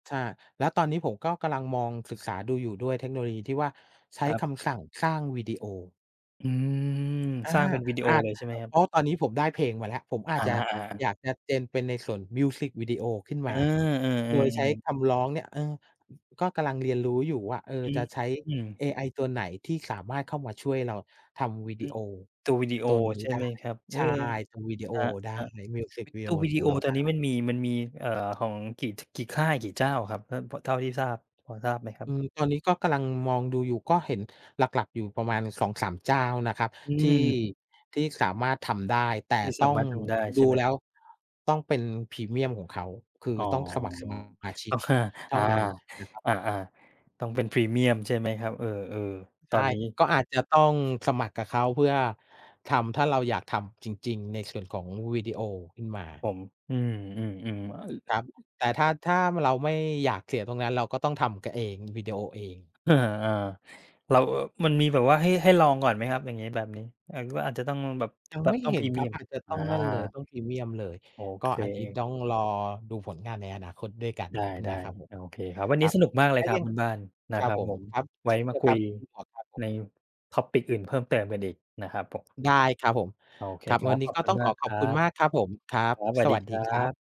ใช่ แล้วตอนนี้ผมก็กำลังมอง ศึกษาดูอยู่ด้วย เทคโนโลยีที่ว่าใช้ครับ คำสั่งสร้างวิ ดีโอ อืม อา สร้างเป็นวิดีโออาจ เลยใช่ไหมอ ครัเบ? พราะตอนนี้ผมได้เพลงมาแล้ว ผมอาอจา จะ ๆ ๆ อยากจะ gen เป็นในส่วนมิวสิกวิดีโอขึ้นเอมอ า เออ โดยใช้ๆ ๆ คำร้องเนี่ย เออ ก็กำลังเรียนรู้อยู่ว่า เออ อจะใช้ืม เอไอตัวไหนที่สามารถเข้ามาช่วยเราทำวิอืดี ม โอตัววิดีโอตัวนีใ้ช่ได้ ไหมครับ? เอใชอ ่ ทำวิดีโอครัได้ บ มิวสิกวิๆ ดตีโัอววิขดีอโงอเราตไอดนนี้ม้ ันมี มันมี เอ่อ ของกี่ ท กี่ค่ายกี่เจ้าครับ? ท พ เท่าที่ทราบ พอทราบไหมครัอบ? ืม ตอนนี้ก็กำลังมองดูอยู่ ก็เห็นหลัก ๆ อยู่ประมาณ 2-3 เจ้านะครับอื้อที่ ฮือ ที่สามารถทำได้ แต่ที่ตส้าอมง ารถทำได้ดใชู่ไหแม? ล้วต้องเป็นพรีเมียมของเขา คืออ๋อ ต้องสมัคร สมาชิกก็ว่า เทอ่า านั้นนะครับ อา ๆ ต้องเป็นพรีเมียมใช่ ไหมครับ? เออ ๆ ตใชอ่ นนี้ ก็อาจจะต้อง สมัครกับเขาเพื่อทำ ถ้าเราอยากทำจริง ๆ ในส่วนของวิดี โอขึ้นมา ผม อือ ๆ ๆ อ ครับ แต่ถ้า ถ้าเราไม่อยากเสียตรงนั้น เราก็ต้องทำ ก เอง วิดีโอเอง เออ ๆ แล้ว อ มันมีแบบว่าให้ ให้ลองก่อนไหมครับ อย่างงี้แบบนี้? อยาก รู้อาจจะต้องแบบ ยังแบไมบ่ต้องเหพ็รีนเมคีรัยบ ม อาจจะอตา ้องนั่นเลย ต้องพรีเมียมเลย โอกเ็ค อันนี้ต้องรอดูผลงานในอนาคตด้วยกันไดน้ ะครับผๆ โม อเคครับ วันคนรี้ับ สนุกมากเลถ้ยาครัยบัง คุณบ้าน นคะรคับรับผผม ม ครับ ไวเ้ช่นเดมีายวคุครยับคุณหมวกครับผใม น topic อื่นเพิ่มเติมกันอีกนะครับผม ได้ครับผม โอเคครับ ครวัับ นนีข้อบก็คุต้ณองมขาอกขคอบรัคุณบ มากครับผม ครัคบ รับ สวัสสดวีัสคดีรัครับ บ